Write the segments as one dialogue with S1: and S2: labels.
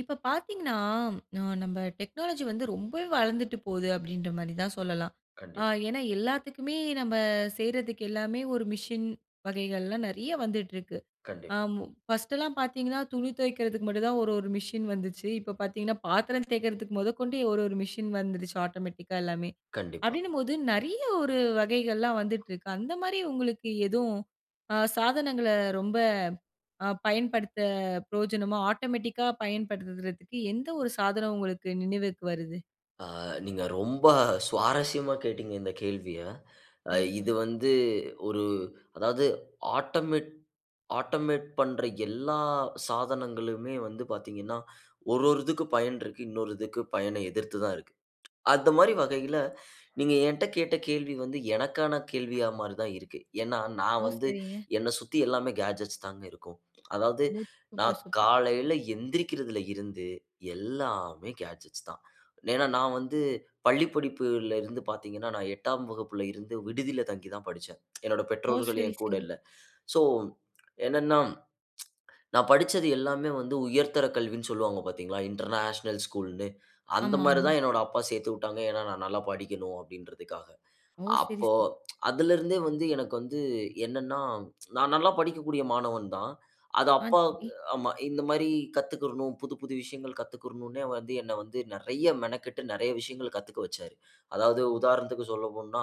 S1: இப்ப பார்த்தீங்ன்னா, நான் நம்ப டெக்னாலஜி வந்து ரொம்பவே வளந்துட்டு போது அப்பிடின்றமாரி தான் சொல்லலாம். அ
S2: கண்டிப்
S1: ஏன்னா எல்லாத்துக்குமே, நம்ம செய்றதுக்கு எல்லாமே, ஒரு மிஷின் வகைகள்லாம் நிறைய வந்துட்டு இருக்கு. அ
S2: கண்டிப்
S1: ம் ஃபர்ஸ்ட்டுல்லாம் பார்த்தீங்ன்னா, துணி துவைக்கிறதுக்கு மட்டும்தான் ஒரு, ஒரு மிஷின் வந்துச்சு. இப்ப பார்த்தீங்ன்னா, பாத்திரம் தேய்க்கிறதுக்கு முதகொண்டு ஒரு, ஒரு மிஷின் வந்துருச்சு ஆட்டோமேட்டிக்கா எல்லாமே.
S2: கண்டிப்பா.
S1: அப்பிடினம்போது நிறைய ஒரு வகைகள்லாம் வந்திட்டு இருக்கு. அந்தமாரி உங்களுக்கு எதும் ஆ சாதனங்கள ரொம்ப அ பயன்படுத்த பிரயோஜனமோ ஆட்டோமேட்டிக்கா பயன்படுத்துறதுக்கு எந்த ஒரு சாதனம் உங்களுக்கு நினைவிற்கு வருது.
S2: ஆ நீங்க ரொம்ப சுவாரஸ்யமா கேட்டீங்க இந்த கேள்விய. அ
S1: கண்டிப்பா.
S2: இது வந்து ஒரு அதாவது ஆட்டமெட் ஆட்டோமேட் பண்ற எல்லா சாதனங்களுமே வந்து பார்த்தீங்கன்னா, ஒரு, ஒரு இதுக்கு பயன் இருக்கு. இன்னொரு இதுக்கு பயன எதிர்த்துதான் இருக்கு. அந்த மாதிரி வகையில, நீங்க ஏன்ட்ட கேட்ட கேள்வி வந்து எனக்கான கேள்வியாமாரிதான் இருக்கு. ஏன்னா, "நான்
S1: ஓ!
S2: வந்து
S1: சரிங்க.
S2: என்ன சுத்தி எல்லாமே கேட்ஜெட்ஸ் தாங்க இருக்கும். அதாவது,
S1: ஓ! சூப்பர்,
S2: நான்
S1: சூப்பர்.
S2: காலையில எந்திரிக்கிறதுல இருந்து, எல்லாமே கேட்ஜெட்ஸ் தான்." ஏன்னா நான் வந்து பள்ளிப்படிப்புல இருந்து பார்த்தீங்கன்னா, நான் 8 வகுப்புல இருந்து விடுதில தங்கிதான் படிச்சேன். என்னோட
S1: ஓ!
S2: பெற்றோர்கள்
S1: சரி,
S2: என் கூட
S1: சரி.
S2: இல்ல. ஸோ, என்னன்னா, நான் படிச்சது எல்லாமே வந்து உயர்தர கல்வின்னு சொல்வாங்க பார்த்தீங்களா? இன்டர்நேஷனல் ஸ்கூல்னு.
S1: ஆமா, ஆமா.
S2: அந்தமாரிதான் என்னோட அப்பா சேர்த்துவுட்டாங்க. ஏன்னா, நான் நல்லா படிக்கணும், அப்பிடின்றதுக்காக.
S1: ஓ! சரி,
S2: அப்போ
S1: சரி.
S2: அதுலருந்தே வந்து எனக்கு வந்து என்னன்னா, நான் நல்லா படிக்கக்கூடிய மாணவன் தான். அது
S1: ஆ, சரி.
S2: அப்பாவுக்கு ஆமா. இந்தமாரி கத்துக்கிறணும், புது புது விஷயங்கள் கத்துக்கிறணுன்னே வந்து என்ன வந்து நிறைய மெனக்கெட்டு நிறைய விஷயங்கள் கத்துக்க வச்சாரு. அதாவது உதாரணத்துக்கு சொல்லப்போனோ,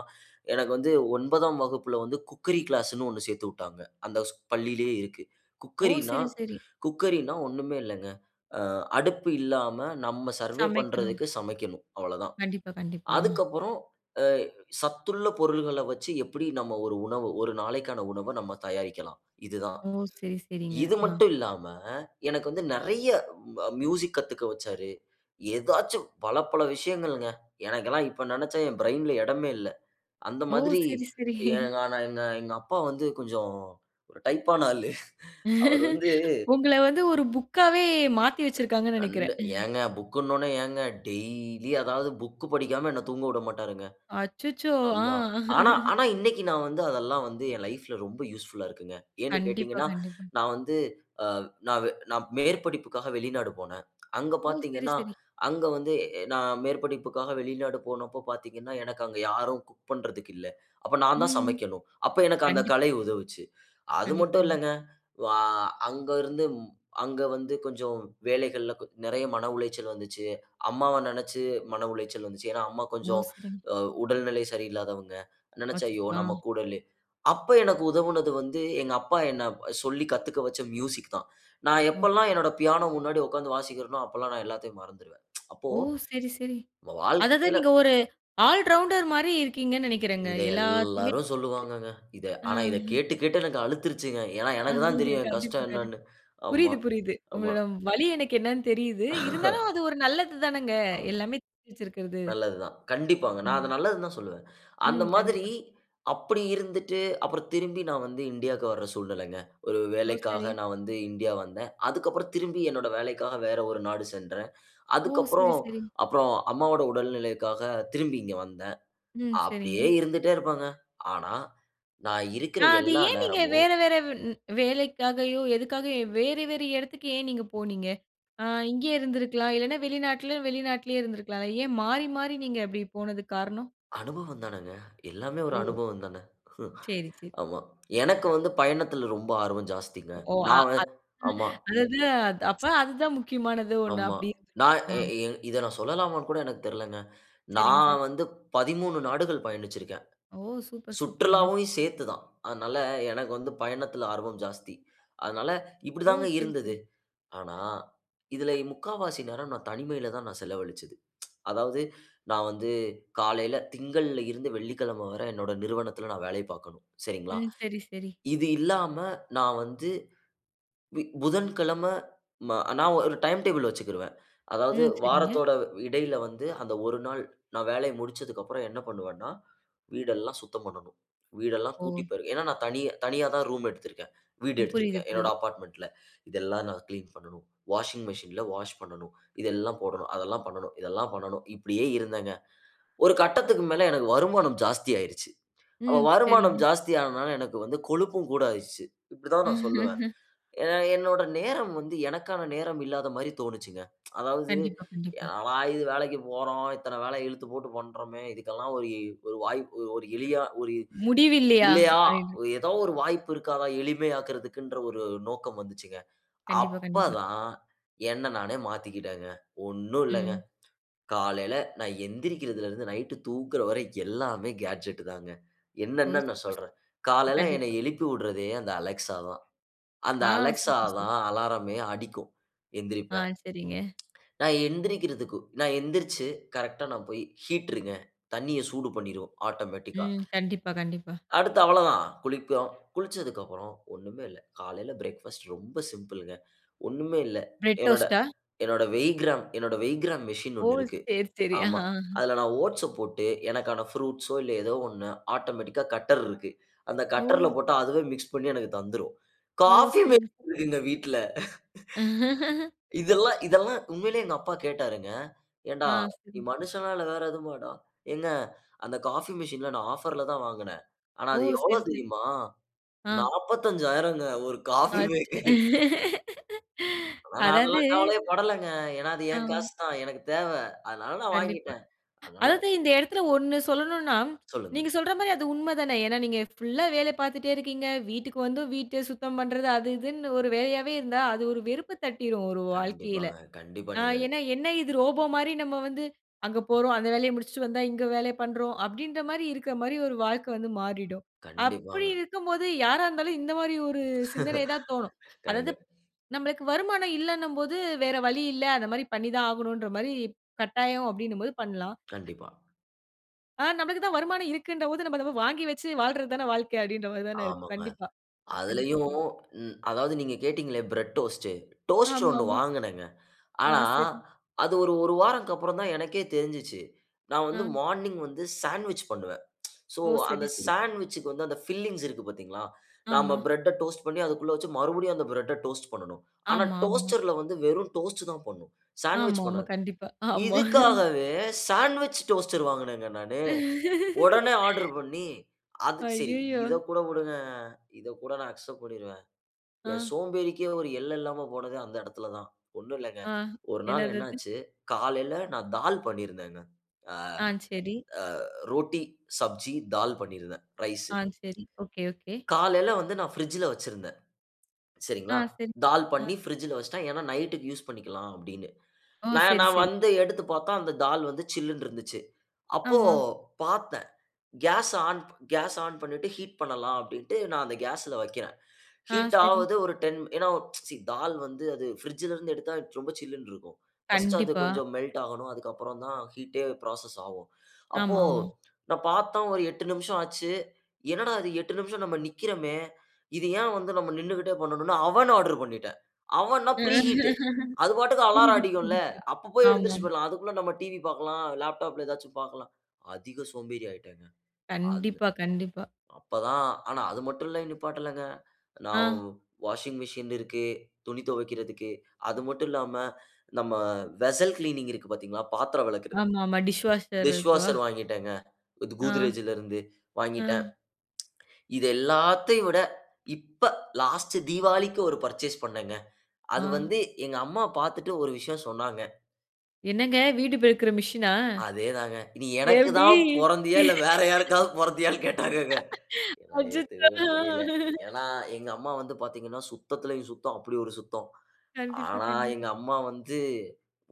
S2: எனக்கு வந்து 9 வகுப்புல வந்து குக்கரி கிளாஸ்ன்னு ஒண்ணு சேர்த்துவுட்டாங்க. அந்த ஸ் பள்ளியிலேயே இருக்கு.
S1: ஓ!
S2: குக்கரின்னா,
S1: சரி, சரி.
S2: குக்கரின்னா ஒண்ணுமே இல்லங்க. அ அடுப்பு இல்லாம நம்ம சர்வே
S1: சமைக்கணும்.
S2: பண்றதுக்கு சமைக்கணும், அவ்ளோதான்.
S1: கண்டிப்பா, கண்டிப்பா. அ.
S2: அதுக்கப்புறம் அ சத்துள்ள பொருள்கள வச்சு, எப்பிடி நம்ம ஒரு உணவு, ஒரு நாளைக்கான உணவ நம்ம தயாரிக்கலாம். இதுதான்.
S1: ஓ! சரி, சரிங்க.
S2: இது
S1: ஆ.
S2: மட்டும் இல்லாம, எனக்கு வந்து நிறைய அ மியூசிக் கத்துக்க வச்சாரு. ஏதாச்சும் பல, பல விஷயங்கள்ங்க. எனக்கெல்லாம் இப்ப நினச்சா, என் பிரெயின்‌ல இடமே இல்ல. அந்த
S1: ஓ!
S2: மாதிரி
S1: சரி, சரி.
S2: ஏங்கான எங்க எங்க அப்பா வந்து கொஞ்சம் ஒரு டைப்பான ஆளு. அவரு வந்து
S1: உங்கள வந்து ஒரு புக்காவே மாத்தி வச்சிருக்காங்கன்னு
S2: கண்ட
S1: நினைக்கிறேன். ம்.
S2: ஏங்க புக்னவுனே ஏங்க, டெய்லி அதாவது புக் படிக்காம என்ன தூங்கவுடமாட்டாருங்க.
S1: அச்சச்சோ! ஆ.
S2: அம்மா. ஆனா, ஆனா இன்னக்கி நான் வந்து அதெல்லாம் வந்து என் லைஃப்‌ல ரொம்ப யூஸ்ஃபுலா இருக்குங்க. ஏன்னு
S1: கண்டிப்பா,
S2: கேட்டீங்கன்னா,
S1: கண்டிப்பா.
S2: நான் வந்து அ நான்வே நான் மேற்படிப்புக்காக வெளிநாடு போனேன். அங்க
S1: ஓ! சரி,
S2: பார்த்தீங்கன்னா,
S1: சரி.
S2: அங்க வந்து எ நான் மேற்படிப்புக்காக வெளிநாடு போனப்போ பார்த்தீங்கன்னா. எனக்கு அங்க யாரும் குக் பண்ணுறதுக்கு இல்ல. அப்ப நான் தான்
S1: ம்.
S2: சமைக்கணும். அப்ப எனக்கு அந்த
S1: கண்டிப்பா.
S2: கலை உதவுச்சு. அது மட்டும்
S1: கண்டிப்பாங்க.
S2: இல்லங்க. வ அங்கருந்து, அங்க வந்து கொஞ்சம் வேலைகள்ல நிறைய மன உளைச்சல் வந்துச்சு. அம்மாவ நினச்சு மன உளைச்சல் வந்துச்சு. ஏன்னா, "அம்மா
S1: ஓ!
S2: கொஞ்சம்
S1: சரி.
S2: அ உடல்நிலை சரியில்லாதவங்க." நினைச்சு
S1: அச்சச்சோ!
S2: ஐயோ! நம்ம
S1: ஆ.
S2: கூட இல்லயே! அப்ப எனக்கு உதவுனது வந்து, "எங்க அப்பா என்ன சொல்லி கத்துக்க வச்ச மியூசிக் தான். நான் எப்பல்லாம்
S1: ஓகே.
S2: என்னோட பியானோ முன்னாடி உட்கார்ந்து வாசிக்கிறனோ, அப்பல்லாம் நான் எல்லாத்தையும் மறந்துருவேன்." அப்போ
S1: ஓ! சரி, சரி.
S2: நம்ம
S1: அதாவது
S2: வாழ்க்கையில
S1: நீங்க ஒரு ஆல் ரவுண்டர்மாரி இருக்கீங்கன்னு நினைக்கிறேங்க.
S2: இங்க
S1: எல்லாத்தையுமே!
S2: எல்லாரும் சொல்லுவாங்கங்க. இத
S1: ஆ,
S2: ஆனா, இத
S1: ஆ.
S2: கேட்டு கேட்டு எனக்கு அலுத்துருச்சுங்க. ஏன்னா,
S1: அ
S2: எனக்குதான் தெரியும். என்
S1: கண்டிப்பா,
S2: கஷ்டம்
S1: கண்டிப்பா.
S2: என்னன்னு. ஆமா,
S1: புரியிது, புரியிது.
S2: ஆமா.
S1: உங்களோட வலி எனக்கு என்னன்னு தெரியுது. இருந்தாலும் அது ஒரு நல்லதுதானங்க.
S2: ஆமா.
S1: எல்லாமே தெரிஞ்சிருக்கிறது.
S2: நல்லது தான். கண்டிப்பாங்க.
S1: ஆ.
S2: நான் அத நல்லதுதான் சொல்லுவேன். அந்த
S1: ம்.
S2: மாதிரி
S1: கண்டிப்பாங்க.
S2: அப்படி இருந்துட்டு, அப்புறம் திரும்பி நான் வந்து இன்டியாக்கு வர்ற சூழ்நிலங்க. ஒரு
S1: ஓ! சரி.
S2: வேலைக்காக நான் வந்து இன்டியா வந்தேன். அதுக்கு அப்புறம் திரும்பி என்னோட வேலைக்காக வேற ஒரு நாடு சென்றேன்.
S1: ஓ!
S2: அதுக்கு
S1: சரி,
S2: அப்புறம்,
S1: சரி.
S2: அப்புறம் அம்மாவோட உடல்நிலைக்காக திரும்பி இங்க வந்தேன்.
S1: ம். சரிங்க.
S2: அப்டியே இருந்துட்டே இருப்பேங்க. ஆனா, நான் இருக்கிற
S1: ஆ அது
S2: எல்லா
S1: ஏன் நீங்க
S2: நேரமும்
S1: வேற, வேற வ் ன் வேலைக்காகையோ, எதுக்காகயோ! வேற, வேற இடத்துக்கு ஏன் நீங்க போனீங்க? ஆ இங்கே இருந்திருக்கலாம். இல்லன்னா, வெளிநாட்லயோ, வெளிநாட்டிலேயே இருந்திருக்கலா. ஏன் மாறி, மாறி நீங்க அப்பிடி போனதுக்கு காரணம்?
S2: அனுபவந்தானங்க. எல்லாமே ஒரு
S1: ஓ!
S2: அனுபவம்தானே. ம்
S1: சரி, சரி.
S2: ஆமா. எனக்கு வந்து பயணத்துல ரொம்ப ஆர்வம் ஜாஸ்திங்க.
S1: ஓ! அ
S2: நான் அ
S1: அத்
S2: ஆமா.
S1: அதாவது அது அப்ப அதுதான் முக்கியமானது ஒண்ணு,
S2: ஆமா.
S1: அப்பிடி.
S2: நான்
S1: ஆ.
S2: எ இ இத நான் சொல்லலாமான்னுகூட எனக்கு தெரிலங்க.
S1: சரிங்க சார்.
S2: நான் வந்து 13 நாடுகள் பயணிச்சிருக்கேன்.
S1: ஓ! சூப்பர், சூப்பருங்க.
S2: சுற்றுலாவையும் சேர்த்து தான். அதனால எனக்கு வந்து பயணத்தில ஆர்வம் ஜாஸ்தி. அதனால
S1: ஓ!
S2: இப்பிடிதாங்க
S1: சரி, சரி.
S2: இருந்தது. ஆனா, இதில இ முக்காவாசி நேரம் நான் தனிமையில தான் நான் செலவழிச்சது. அதாவது, நான் வந்து காலையில திங்கள்ல இருந்து வெள்ளிக்கிழமை வர என்னோட நிறுவனத்தில நான் வேலை பாக்கணும். சரிங்களா?
S1: ம். சரி, சரி.
S2: இது இல்லாம நான் வந்து இ புதன்கிழம ம நான் ஒரு டைம் டேபிள் வச்சிக்கிருவேன். அதாவது
S1: ம். சரிங்க.
S2: வாரத்தோட இடையில வந்து, அந்த ஒரு நாள், நான் வேலைய முடிச்சதுக்கு அப்புறம் என்ன பண்ணுவேன்னா, வீடெல்லாம் சுத்தம் பண்ணணும். வீடெல்லாம்
S1: ஓ!
S2: கூட்டிப்பெருக்கி. ஏன்னா, நான் தனியா தனியாதான் ரூம் எடுத்திருக்கிறேன். வீடு
S1: ம். புரியுது,
S2: எடுத்திருக்கிறேன். என்னோட
S1: புரியுது.
S2: அபார்ட்மென்ட்‌ல. இதெல்லாம் நான் கிளீன் பண்ணணும். வாஷிங் மெஷின்ல வாஷ் பண்ணணும். இதெல்லாம் போடணும். அதெல்லாம் பண்ணணும். இதெல்லாம் பண்ணணும். இப்பிடியே இருந்தேங்க. ஒரு கட்டத்துக்கு மேல எனக்கு வருமானம் ஜாஸ்தி ஆயிடுச்சு. அப்ப
S1: ம்.
S2: வருமானம்
S1: சரிங்க.
S2: ஜாஸ்தியானனால எனக்கு வந்து கொழுப்பும் கூட ஆயிருச்சு. இப்பிடிதான் நான் சொல்லுவேன். ஏ என்னோட நேரம் வந்து எனக்கான நேரம் இல்லாதமாரி தோணுச்சுங்க. அதாவது
S1: கண்டிப்பா, கண்டிப்பா.
S2: என்னடா இது வேலைக்கு போறோம். இத்தன வேல இழுத்துப்போட்டு பண்றோமே! இதுக்கெல்லாம் ஒரு இ ஒரு வாய்ப்பு ஒரு எளிய ஒரு
S1: முடிவு இல்லையா?
S2: இல்லையா!
S1: அப்பிடின்னு.
S2: ஒரு எதோ ஒரு வாய்ப்பு இருக்காதா? எளிமையாக்குன்றதுன்ற ஒரு நோக்கம் வந்துச்சுங்க.
S1: கண்டிப்பா,
S2: அப்ப
S1: கண்டிப்பா.
S2: தான் என்ன நானே மாத்திக்கிட்டேங்க. ஒண்ணும் இல்லங்க,
S1: ம்.
S2: காலையில நான் எந்திரிக்கிறதுலருந்து, நைட் தூங்குற வரை எல்லாமே கேட்ஜெட் தாங்க.
S1: ஓ!
S2: என்னென்ன நான்
S1: சூப்பர்,
S2: சொல்றேன்.
S1: சூப்பர்.
S2: காலையில என்ன
S1: கண்டிப்பா.
S2: எழுப்பி விட்றதே அந்த Alexa தான். அந்த
S1: ஆ,
S2: Alexa
S1: சூப்பர், சூப்
S2: தான் அலாரமே அடிக்கும்
S1: ஆ,
S2: எந்திரிப்பேன்.
S1: சரிங்க.
S2: நான் எந்திரிக்கிறதுக்கு, நான் எந்திரிச்சு, கரெக்ட்‌டா நான் போய் ஹீட்ருங்க, தண்ணிய சூடு பண்ணிருவேன் ஆட்டோமேட்டிக்கா
S1: ம். கண்டிப்பா, கண்டிப்பா.
S2: அடுத்து அவளதான். குளிப்போம். குளிச்சதுக்கு அப்புறம் ஒண்ணுமே இல்ல, காலையில பிரேக்ஃபாஸ்ட் ரொம்ப சிம்பிள்ங்க. ஒண்ணுமே இல்ல,
S1: பிரெட்
S2: என்னோட
S1: டோஸ்ட்டா?
S2: என்னோட வெய்கிராம் என்னோட வெய்கிராம் மெஷின்
S1: ஓ!
S2: ஒண்ணு இருக்கு.
S1: சரி, சரி.
S2: ஆமா.
S1: ஆ.
S2: அதுல நான் ஓட்ஸப் போட்டு எனக்கான ப்ரூட்ஸோ இல்ல எதோ ஒண்ணு ஆட்டோமேட்டிக்கா கட்டர் இருக்கு. அந்த கட்டர்‌ல
S1: ஓ!
S2: போட்டா, அதுவே மிக்ஸ் பண்ணி எனக்கு தந்துரும்.
S1: ஓ!
S2: காஃபி
S1: சரிங்க.
S2: மேக்கர் இருக்குங்க வீட்ல. இதெல்லாம், இதெல்லாம் உண்மையிலே எங்க அப்பா கேட்டாருங்க.
S1: ஆ,
S2: ஏன்டா! நீ
S1: சரி.
S2: மனுஷனா இல்ல வேற எதுமாடா? ஏங்க அந்த காஃபி மெஷின்ல நான் ஆஃபர்‌லதான் வாங்கினேன். ஆனா,
S1: ஓ!
S2: அது எவ்ளோ
S1: சரி, சரி.
S2: தெரியுமா?
S1: ஆ.
S2: 45,000 ங்க. ஒரு காஃபி
S1: அச்
S2: மேக்கரு. ஆனா, நான்
S1: அதாவது
S2: அதெல்லாம் கவலையே படலங்க. ஏன்னா, அது என்
S1: ஆ.
S2: காசு தான். எனக்கு தேவ. அதனால நான்
S1: கண்டிப்பா.
S2: வாங்கிட்டேன். அதனால
S1: அதாவது இந்த இடத்துல ஒண்ணு சொல்லணுனா,
S2: சொல்லுங்க.
S1: நீங்க சொல்றமாரி அது உண்ம தானே! ஏனா, நீங்க ஃபுல்லா வேலை பாத்துட்டே இருக்கீங்க. வீட்டுக்கு வந்தும், வீட்ட சுத்தம் பண்றது அது, இதுன்னு ஒரு வேலையாவே இருந்தா, அது ஒரு வெறுப்பு தட்டிரும். ஒரு வாழ்க்கையில.
S2: கண்டிப்பாங்க. கண்டிப்பா.
S1: ஆ
S2: நீங்க
S1: ஏன்னா, என்ன இது ரோபோமாரி நம்ம வந்து அங்க போறோம், அந்த வேலைய முடிச்சிட்டு வந்தா, இங்க வேலைய பண்றோம். அப்பிடின்றமாரி இருக்கமாரி ஒரு வாழ்க்க வந்து மாறிடும். அப்பிடி
S2: கண்டிப்பாங்க.
S1: இருக்கும்போது யாரா இருந்தாலும், இந்தமாரி ஒரு சிந்தனைதான் தோணும். அதாவது,
S2: கண்டிப்
S1: நம்மளுக்கு வருமானம் இல்லனும்போது வேற வழி இல்ல, அந்தமாரி பண்ணிதான் ஆகணுன்றமாரி கட்டாயம் அப்பிடினம்போது பண்லாம்.
S2: கண்டிப்பா.
S1: ஆ நம்மளுக்கு தான் வருமானம் இருக்குன்ற போது, நம்ம அத வாங்கி வச்சு வாழ்றது தான வாழ்க்க அப்டினற மாதிரி தான இருக்கு.
S2: ஆமாங்க.
S1: கண்டிப்பா. கண்டிப்பா,
S2: அதிலயும்
S1: கண்டிப்பா.
S2: ம் அதாவது நீங்க கேட்டீங்களே, பிரெட் டோஸ்ட், டோஸ்ட்ரு ஒண்ணு
S1: ஆமாம்மா.
S2: வாங்குனேங்க.
S1: ஆ,
S2: ஆனா,
S1: சரி.
S2: அது ஒரு, 1 வாரத்துக்கப்புறம் தான் எனக்கே தெரிஞ்சுச்சு. நான் வந்து
S1: ஆ.
S2: மார்னிங் வந்து சாண்ட்விச் பண்ணுவேன். சோ
S1: ஓ! சரி,
S2: அந்த
S1: சரி.
S2: சாண்ட்விச்‌க்கு வந்து அந்த பில்லிங்ஸ் இருக்கு பாத்தீங்களா? நாம
S1: ஆமா.
S2: பிரெட்ட டோஸ்ட் பண்ணி, அதுக்குள்ள வச்சு மறுபடியும் அந்த பிரெட்‌ட டோஸ்ட்டு பண்ணணும். ஆனா,
S1: ஆமா, ஆமா.
S2: டோஸ்டர்‌ல்ல வந்து வெறும் டோஸ்ட் தான் பண்ணும்.
S1: ஆமா,
S2: சாண்ட்விச்
S1: ஆமா
S2: பண்ணாது.
S1: கண்டிப்பா, ஆமா.
S2: இதுக்காகவே சாண்ட்விச் டோஸ்டர் வாங்குனேங்க நானு. ஒடனே ஆர்டர் பண்ணி. அது சரி
S1: அய்யயோ!
S2: இத கூட விடுங்க. இத கூட நான் அக்செப்ட் பண்ணிருவேன். என்
S1: ஆ.
S2: சோம்பேறிக்கே ஒரு எல்ல இல்லாம போனது அந்த எடத்துல தான். ஒண்ணும் இல்லங்க,
S1: ஆ.
S2: ஒரு நாள்
S1: என்னது அது?
S2: என்னாச்சு காலையில நான் தால் பண்ணிருந்தேங்க. அ
S1: ஆ, சரி.
S2: அ ரோட்டி, சப்ஜி, தால் பண்ணியிருந்தேன், ரைஸ்.
S1: ஆ, சரி. Okay, okay.
S2: காலையில வந்து நான் பிரிட்ஜ்‌ல வச்சுருந்தேன்,
S1: ஆ,
S2: சரிங்களா?
S1: சரி.
S2: தால்
S1: ஆ.
S2: பண்ணி பிரிட்ஜ்‌ல வச்சுட்டேன். ஏன்னா நைட்‌க்கு யூஸ் பண்ணிக்கலாம் அப்டின்னு.
S1: ஓ!
S2: நான்
S1: சரி,
S2: நான்
S1: சரி.
S2: வந்து எடுத்து பாத்தா, அந்த தால் வந்து சில்லுனு இருந்துச்சு. அப்போ
S1: ஆமா.
S2: பாத்தேன். கேஸ் ஆன் கேஸ் ஆன் பண்ணிட்டு ஹீட் பண்ணலாம் அப்டின்ட்டு நான் அந்த கேஸ்ல வக்கிறேன்.
S1: ஆ,
S2: ஹீட்
S1: சரி.
S2: ஆவுது, ஒரு 10 ஏன்னா, சீ தால் வந்து அது பிரிட்ஜ்‌ல இருந்து எடுத்தா ரொம்ப சில்லுனு இருக்கும். 1 அது
S1: கண்டிப்பா.
S2: கொஞ்சம் மெல்ட் ஆகணும், அதுக்கப்புறம் தான் ஹீட்‌டே ஃப்ராசஸ் ஆகும். அப்போ
S1: ஆமா, ஆமா.
S2: நான் பாத்தேன், ஒரு 8 நிமிஷம் ஆச்சு. என்னடா அது 8 நிமிஷம் நம்ம நிக்கிறோமே? இது ஏன் வந்து நம்ம நின்னுக்கிட்டே பண்ணனும்னு, அவன் ஆர்டர் பண்ணிட்டேன். அவன்னா பிரீ ஹீட். அது பாட்டுக்கு அலாரம்
S1: புரிது,
S2: அடிக்கும்ல.
S1: புரிது, புரிது.
S2: அப்போ போய் எழுந்திருச்சு
S1: ஆமாம்.
S2: போய்றலாம். அதுக்குள்ள நம்ம டிவி பாக்கலாம், லேப்டாப்‌ல ஏதாச்சும் பாக்கலாம். அதிக சோம்பேறி ஆயிட்டேங்க. அந்த
S1: கண்டிப்பா, கண்டிப்பா.
S2: அப்ப தான் ஆனா அது மட்டும் இல்ல நிப்பாட்டலங்க. நவ்
S1: ஆ.
S2: வாஷிங் மெசின் இருக்கு, துணி துவைக்கிறதுக்கு. அது மட்டும் இல்லாம நம்ம வெஸல் க்ளீனிங் இருக்கு பாத்தீங்களா? பாத்தரம் வெளக்குறது.
S1: ஆமாமா. டிஷ் வாஷர்
S2: டிஷ்
S1: இருக்கும்.
S2: வாஷர் வாங்கீட்டேங்க. குத்
S1: ஆ.
S2: Godrejஜிலிருந்து, வாங்கிட்டேன்.
S1: ஆ.
S2: இது எல்லாத்தையும் விட இப்ப, லாஸ்ட் தீவாளிக்கு ஒரு பர்சேஸ் பண்ணேங்க. அது
S1: ஆ.
S2: வந்து எங்க அம்மா பாத்துட்டு ஒரு விஷயம் சொன்னாங்க.
S1: என்னங்க! வீடு பெருக்குற மிஷினா?
S2: அதே தாங்க. நீ, எனக்கு
S1: இதெப்படி!
S2: தான் பொறந்தியா? இல்லை வேற யாருக்காவது பொறந்தியான்னு கேட்டாரங்கங்க. என்னால
S1: அச்சச்சோ!
S2: ஏத்துக்கவே
S1: ஆ,
S2: முடியல.
S1: ஆ.
S2: ஏன்னா, எங்க அம்மா வந்து பார்த்தீங்கன்னா, "சுத்தத்திலயும் சுத்தம் அப்படி ஒரு சுத்தம்."
S1: கண்டிப்பா,
S2: ஆனா
S1: கண்டி
S2: எங்க அம்மா வந்து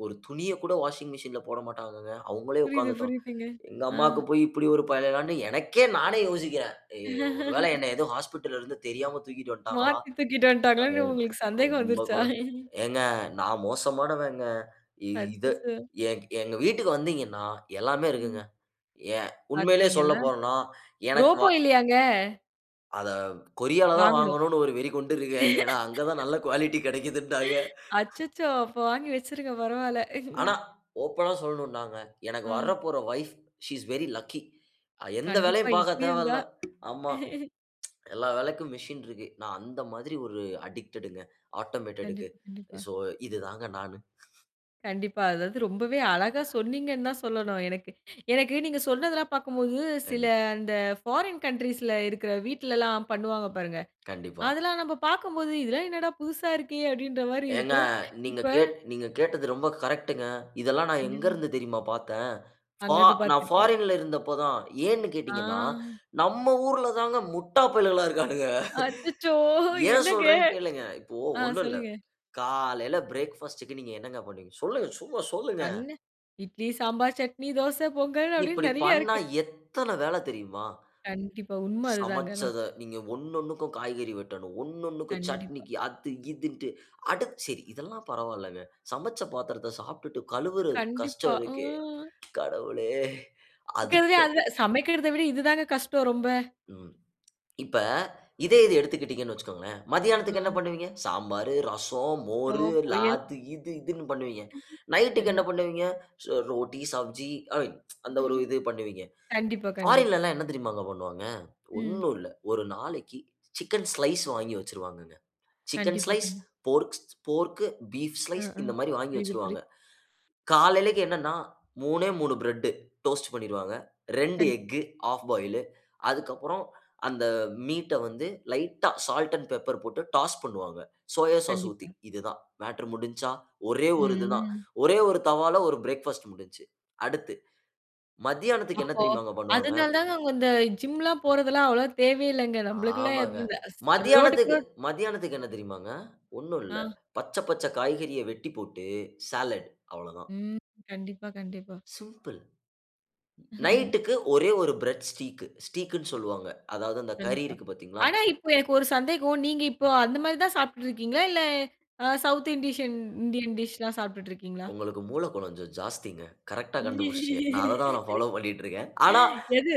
S2: ஒரு துணியக் கூட வாஷிங் மிசின்‌ல போடமாட்டாங்கங்க. அவங்களே
S1: புரியுது,
S2: உக்காந்து தொவ்
S1: புரியுதுங்க.
S2: எங்க
S1: ஆ.
S2: அம்மாக்கு போய் இப்படி ஒரு பயலான்னு எனக்கே நானே யோசிக்கறேன். எ "ஒரு வேளை, என்னை ஏதோ ஹாஸ்பிட்டல்‌ல இருந்து தெரியாம தூக்கிட்டு வந்துட்டாங்களா!
S1: மாத்தி தூக்கிட்டு
S2: அ
S1: வந்துட்டாங்களான்னு உங்களுக்கு சந்தேகம்
S2: ரொம்ப
S1: வந்துருச்சா?
S2: கொழ" ஏங்க, நான் மோசமானவங்க. இ இதை
S1: அச்சச்சோ!
S2: எங் எங்க வீட்டுக்கு வந்தீங்கன்னா, எல்லாமே இருக்குங்க.
S1: ம்.
S2: ஏன், உண்மையிலயே
S1: பார்த்தீங்களா!
S2: சொல்லப்போறோம்ன்னா, எனக்கு
S1: ரோபோ
S2: வா
S1: இல்லையாங்க?
S2: அதை கொரியாலதான்
S1: வாங்கணும்.
S2: வாங்கணும்னு ஒரு வெறி கொண்டிருக்கேன். ஏன்னா, அங்க தான் நல்ல குவாலிட்டி கிடைக்குதுன்னாங்க.
S1: அச்சச்சோ! அப்ப வாங்கி வச்சிருங்க. பரவால்ல.
S2: ஆனா, ஓப்பனா சொல்னும்னாங்க. எனக்கு
S1: ஆ.
S2: வரப்போற wife, "she is very lucky!" எந்த
S1: கண்டிப்பா.
S2: வேலையும் பாக்க
S1: இப்படி இருந்தா?
S2: தேவையில்லை. ஆமா. எல்லா வேலைக்கும் மிசின் இருக்கு. நான் அந்த மாதிரி ஒரு அடிக்ட்டடுங்க, ஆட்டோமேட்டடுக்கு.
S1: கண்டிப்பா, கண்டிப்பா.
S2: சோ இது தாங்க நானு.
S1: கண்டிப்பா. அதாவது ரொம்பவே அழகா சொன்னீங்கன்னு தான் சொல்லணும். எனக்கு எனக்கு நீங்க சொன்னதெல்லாம் பார்க்கும்போது, சில
S2: கண்டிப்
S1: அந்த ஃபாரின் கன்ட்ரீஸ்ல இருக்கற வீட்டில எல்லாம் பண்ணுவாங்க பாருங்க!
S2: கண்டிப்பா.
S1: அதெல்லாம் நம்ப பார்க்கும்போது, "இதெல்லாம் என்னடா புதுசா இருக்கே!" அப்படின்ற மாறி
S2: ஏங்க!
S1: இருக்கும்.
S2: நீங்க
S1: இப்ப
S2: கேட் நீங்க கேட்டது ரொம்ப கரெக்ட்‌டுங்க. இதெல்லாம் நான் எங்க
S1: கண்டிப்பா.
S2: இருந்து தெரியுமா பார்த்தேன்? ஃபா
S1: அங்க இருந்து
S2: நான்
S1: பார்த்துருக்கேன்.
S2: ஃபாரின்ல இருந்தப்பதான். ஏன்னு
S1: ஆ.
S2: கேட்டிங்கன்னா, நம்ம ஊர்ல தாங்க முட்டாப்பயலுகளா இருக்கானுக.
S1: அச்சச்சோ!
S2: ஏன்
S1: என்னங்க?
S2: சொல்றேன்னு கேளுங்க. இப்போ
S1: ஆ.
S2: ஒன்னும் இல்லை.
S1: சொல்லுங்க.
S2: காலைல பிரேக்ஃபாஸ்ட்‌க்கு நீங்க என்னங்க பண்ணுவீங்க? சொல்லுங்க சும்மா சொல்லுங்க.
S1: கண்ணு இட்லி, சாம்பார், சட்னி, தோசை, பொங்கல் அப்படின்னு
S2: இப்படி
S1: நிறைய
S2: பண்ணா,
S1: இருக்கு.
S2: எத்தனை வேலை தெரியுமா?
S1: கண்டிப்பா. உண்ம அதுதாங்க, ஆனா.
S2: சமைச்சதை நீங்க ஒண்ணொண்ணுக்கும் காய்கறி வெட்டணும். ஒண்ணொண்ணுக்கும்,
S1: கண்டிப்பா.
S2: சட்னிக்கு, அது இதுன்ட்டு. அட! சரி. இதெல்லாம் பரவால்லங்க. சமைச்ச பாத்திரத்தை சாப்டுட்டு கழுவுற
S1: கண்டிப்பா.
S2: கஷ்டம் இருக்கே.
S1: ம்.
S2: கடவுளே!
S1: இருக்கிறதுலயே
S2: அதுக்கும்
S1: அது தான் சமைக்கிறதை விட இதுதாங்க கஷ்டம், ரொம்ப.
S2: ம். இப்ப, இதே இது எடுத்துகிட்டீங்கன்னு வச்சிக்கோங்களேன்.
S1: ஆ.
S2: மதியானத்துக்கு என்ன பண்ணுவீங்க? சாம்பாரு, ரசம், மோரு,
S1: [unintelligible] பொரியல்.
S2: அது இது இதுன்னு பண்ணுவீங்க. நைட்‌க்கு என்ன
S1: கண்டிப்
S2: பண்ணுவீங்க? ஸ் ரோட்டி, சப்ஜி ஐ அந்த ஒரு இது பண்ணுவீங்க.
S1: கண்டிப்பா, கண்டிப்பா.
S2: ஃபாரின்ல எல்லாம் என்ன தெரியுமாங்க பண்ணுவாங்க.
S1: ம்.
S2: ஒன்னும் இல்லை. 1 நாளைக்கு சிக்கன் ஸ்லைஸ் வாங்கி வச்சிருவாங்கங்க. சிக்கன்
S1: கண்டிப்பா,
S2: ஸ்லைஸ்,
S1: கண்
S2: போர்க்ஸ் போர்க்கு, பீஃப்
S1: ஆ,
S2: ஸ்லைஸ்
S1: ஆ.
S2: இந்த மாதிரி வாங்கி
S1: புரியுது, புரி
S2: வச்சிருவாங்க. காலைலைக்கு என்னன்னா, 3ஏ 3 பிரெட்டு டோஸ்ட் பண்ணிருவாங்க. 2
S1: கண்
S2: எக்கு ஹால்ஃப் பாயிலு. அதுக்கு அப்புறம் அந்த மீட்‌ட வந்து லைட்‌டா, சால்ட் அண்ட் பெப்பர் போட்டு டாஸ் பண்ணுவாங்க. சோயா சாஸ் ஊத்தி,
S1: கண்டிப்பா.
S2: இதுதான். மேட்டர் முடிஞ்ச்சா? ஒரே
S1: ம்,
S2: 1 இது தான்.
S1: ம்.
S2: ஒரே 1 தவால ஒரு பிரேக்ஃபாஸ்ட் முடிஞ்ச்சு. அடுத்து மத்தியானத்துக்கு என்ன
S1: அப்போ,
S2: தெரியுமாங்க பண்ணுவாங்க?
S1: அதனால தாங்க அவுங்க இந்த ஜிம்ல்லாம் போரதெல்லாம் அவ்வளவா தேவையே இல்லைங்க. நம்பளுக்கெல்லாம்
S2: ஆமாங்க.
S1: [unintelligible] ரோட்‌க்கு
S2: மதியானத்துக்கு
S1: ரோட்
S2: மதியானத்துக்கு என்ன தெரியுமாங்க? ஒன்னும் இல்லை.
S1: ஆ.
S2: பச்சை பச்சை காய்கறியை வெட்டி போட்டு ஸாலட், அவ்வளதான்.
S1: ம். கண்டிப்பா, கண்டிப்பா.
S2: சிம்பிள்! நைட்‌டுக்கு ஒரே 1 பிரட் ஸ்டீக்கு. ஸ்டீக்குன்னு சொல்லுவாங்க. அதாவது அந்த கறி
S1: கண்டிப்பா.
S2: இருக்கு பாத்தீங்களா?
S1: ஆனா இப்ப எனக்கு ஒரு சந்தேகம். நீங்க இப்ப அந்த மாதிரி தான் சாப்பிட்ருக்கீங்களா? இல்ல அ சவுத் இண்டிஷன் இண்டியன் டிஷ்ல்லாம் சாப்பிட்டுட்ருக்கீங்களா?
S2: உங்களுக்கு மூளை கொஞ்சம் ஜாஸ்திங்க. கரெக்ட்‌டா கண்டுபிடிச்சிடீங்க. நான் அதைதான், நான் ஃபாலோ பண்ணிட்ருக்கேன். ஆனா
S1: எது?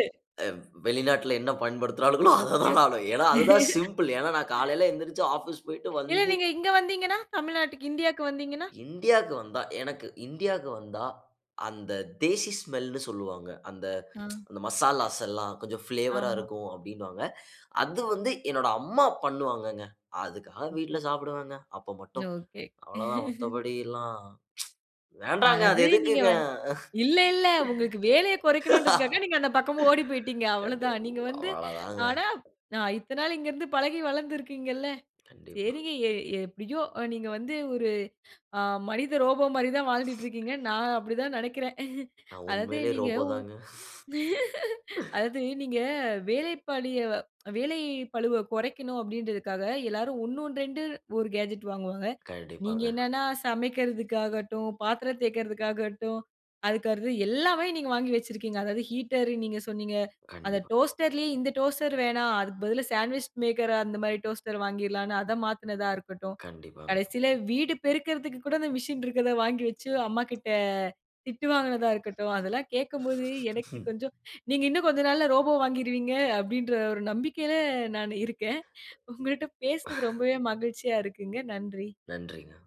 S2: அ வெளிநாட்டில என்ன பயன்படுத்துராளுகளோ, அதை
S1: ஓகே.
S2: தான் நானும் ஏன்னா, அது தான் சிம்பிள். ஏன்னா, நான் காலைல எந்திருச்சு ஆஃபீஸ் போய்விட்டு
S1: இல்ல.
S2: வந்து
S1: நீங்க இங்க வந்தீங்கன்னா? தமிழ்நாட்டுக்கு இண்டியாக்கு வந்தீங்கன்னா?
S2: இண்டியாக்கு வந்தா எனக்கு இந்தியாக்கு வந்தா அந்த தேசி ஸ்மெல்ன்னு சொல்லுவாங்க. அந்த
S1: ஆ.
S2: மசாலாஸ் எல்லாம் கொஞ்சம் ஃபிளேவரா
S1: ஆமா.
S2: இருக்கும், அப்படின்னுவாங்க. அது வந்து என்னோட அம்மா பண்ணுவாங்கங்க. அதுக்காக
S1: ஓகே.
S2: வீட்டில சாப்டுவேங்க, அப்போ மட்டும்.
S1: ஓகே.
S2: அவ்வளதான். மத்தபடி எல்லாம் வேண்டாங்க. அது
S1: அதாவது நீங்க
S2: எதுக்குங்க?
S1: வந் இல்ல, இல்ல. உங்களுக்கு வேலைய குறைக்கணும்ன்றதுக்காக, நீங்க அந்த பக்கமா ஓடி போய்ட்டிங்க. அவ்வளதான்.
S2: கண்டிப்
S1: நீங்க வந்து
S2: அவ்வளதாங்க.
S1: ஆனா நான் இத்தனை நாள் இங்கே இருந்து பழகி, வளர்ந்து இருக்கீங்கள்ல.
S2: கண்டிப்பா.
S1: சரிங்க. எ எப்படியோ! அ நீங்க வந்து ஒரு அ மனித ரோபோ மாரி தான் வாழ்ந்துட்ருக்கீங்க. நான் அப்படி தான் நினைக்கிறேன்.
S2: நான்
S1: அதாவது
S2: உண்மையிலே
S1: நீங்க
S2: ரோபோ
S1: ஒ
S2: தாங்க.
S1: அதாவது நீங்க வேலைப்பளியை, வேலைப்பளுவை குறைக்கணும் அப்படின்றதுக்காக, எல்லாரும் 1 2 1 கேட்ஜெட் வாங்குவாங்க. நீங்க
S2: கண்டிப்பாங்க.
S1: என்னான்னா சமைக்கிறதுக்காகட்டும், பாத்திரம் தேய்க்கிறதுக்காகட்டும், அறுக்கறது எல்லாமே நீங்க வாங்கி வச்சிருக்கீங்க. அதாவது ஹீட்டரு, நீங்க சொன்னீங்க. அத
S2: கண்டிப்பா.
S1: டோஸ்டர்லேயே, இந்த டோஸ்டர் வேணாம். அதுக்கு பதிலா சண்ட்விச் மேக்கர். அந்த மாதிரி டோஸ்டர் வாங்கிறலாம்ன்னு. அதை மாத்தினதா இருக்கட்டும்,
S2: கண்டிப்பாங்க.
S1: கடைசியில வீடு பெருகிறதுக்கு கூட அந்த மிஷின் இருக்கிறதை வாங்கி வைச்சு, அம்மா கிட்ட திட்டு வாங்கினதா இருக்கட்டும், அதெல்லாம் கேக்கும்போது எனக்கு கொஞ்சம் நீங்க இன்னும் கொஞ்ச நாள்ல ரோபோ வாங்கிருவீங்க. அப்படின்ற ஒரு நம்பிக்கையில நான் இருக்கேன். உங்கள்ட்ட பேசினது ரொம்பவே மகிழ்ச்சியா இருக்குங்க. நன்றி.
S2: நன்றிங்க.